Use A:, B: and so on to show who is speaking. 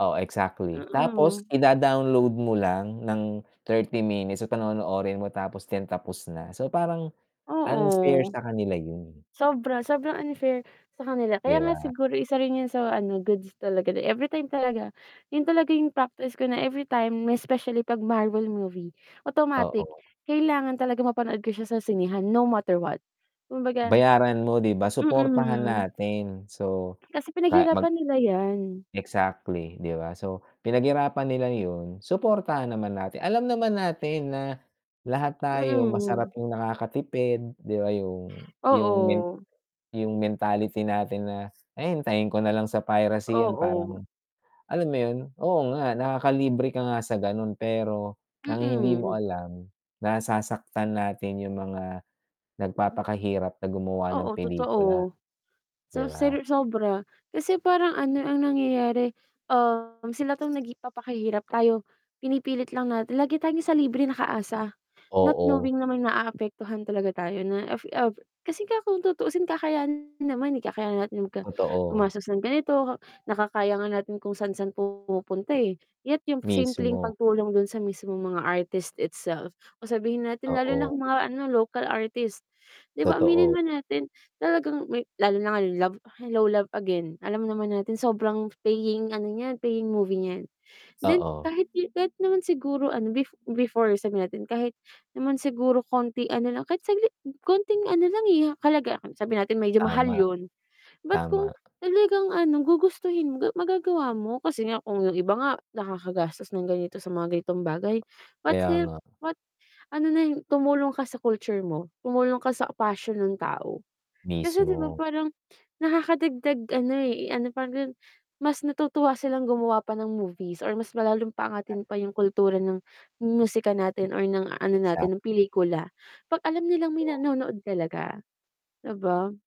A: Oh, exactly, tapos
B: Mm.
A: ida-download mo lang ng 30 minutes so panonoorin mo tapos 10:00 tapos na. So, parang unfair
B: Oo.
A: sa kanila yun.
B: Sobra. Sobrang unfair sa kanila,
A: Di
B: kaya nga
A: ba?
B: siguro isa rin yun sa ano, goods talaga na everytime talaga, yun talaga yung practice ko na everytime may especially 'pag Marvel movie, automatic,
A: Oo.
B: kailangan talagang mapanood ko siya sa sinehan no matter what. Kumbaga
A: Bayaran mo 'di ba? suportahan
B: Mm.
A: natin. So,
B: Kasi
A: ka mag
B: pinag-hirapan nila yan.
A: exactly, 'di ba so, pinag-hirapan nila yun, suportahan naman natin, alam naman natin na lahat tayo
B: Mm.
A: masarap
B: Hmm.
A: yung nakakatipid 'di ba yung yung men
B: Oo.
A: yung mentality natin na hintayin ko nalang sa piracy yan
B: Oo.
A: parang alam mo yun, oo nga nakakalibre ka nga sa ganun pero, ang hindi mo
B: Mm.
A: alam, nasasaktan natin yung mga
B: Hmm.
A: nagpapaka-hirap na gumawa ng
B: Oo
A: pelikula.
B: totoo. So,
A: Di ba?
B: sar sobra kasi parang ano ang nangyayari, Um, sila 'tong napapakahirap tayo pinipilit lang natin lagi tayong sa libreng naka-asa, not
A: Oo.
B: knowing namang na-aapektuhan talaga tayo na af ah, kasi kung tutuusin kakay naman eh, kakayanan natin magka
A: Totoo.
B: gumastos ng ganito, nakakaya nga natin kung saan-saan pumunta eh. Yet, yung simpleng
A: Mismo.
B: pagtulong dun sa mismong mga artist itself o sabihin natin lalo na kung
A: Oo.
B: mga ano local artist, di ba aminin
A: Totoo.
B: man natin, talagang may lalo na nga love Hello Love Again, alam naman natin sobrang paying ano niyan, paying movie niyan. Then,
A: Oo.
B: kahit kahit naman siguro ano bef before sabihin natin kahit naman siguro konting ano lang, kahit saglit konting ano lang eh, ha halaga sabihin natin medyo mahal
A: Tama.
B: yun. Ba't kung
A: Tama.
B: talagang ano, gugustuhin mo, ga magagawa mo kasi nga kung yung iba nga, nakakagastos ng ganito sa mga ganitong bagay, ba't
A: Kaya
B: help
A: nga.
B: ba ano na yung tumulong ka sa culture mo, tumulong ka sa passion ng tao. Kasi di ba
A: Mismo.
B: parang nakaka-dagdag ano eh, eh, ano pa rin mas natutuwa silang gumawa pa ng movies or mas lalong pa-angatin pa yung kultura ng musika natin or ng ano natin, ng
A: Exactly.
B: pelikula, 'pag alam nilang may
A: Totoo.
B: nanonood talaga. Di ba?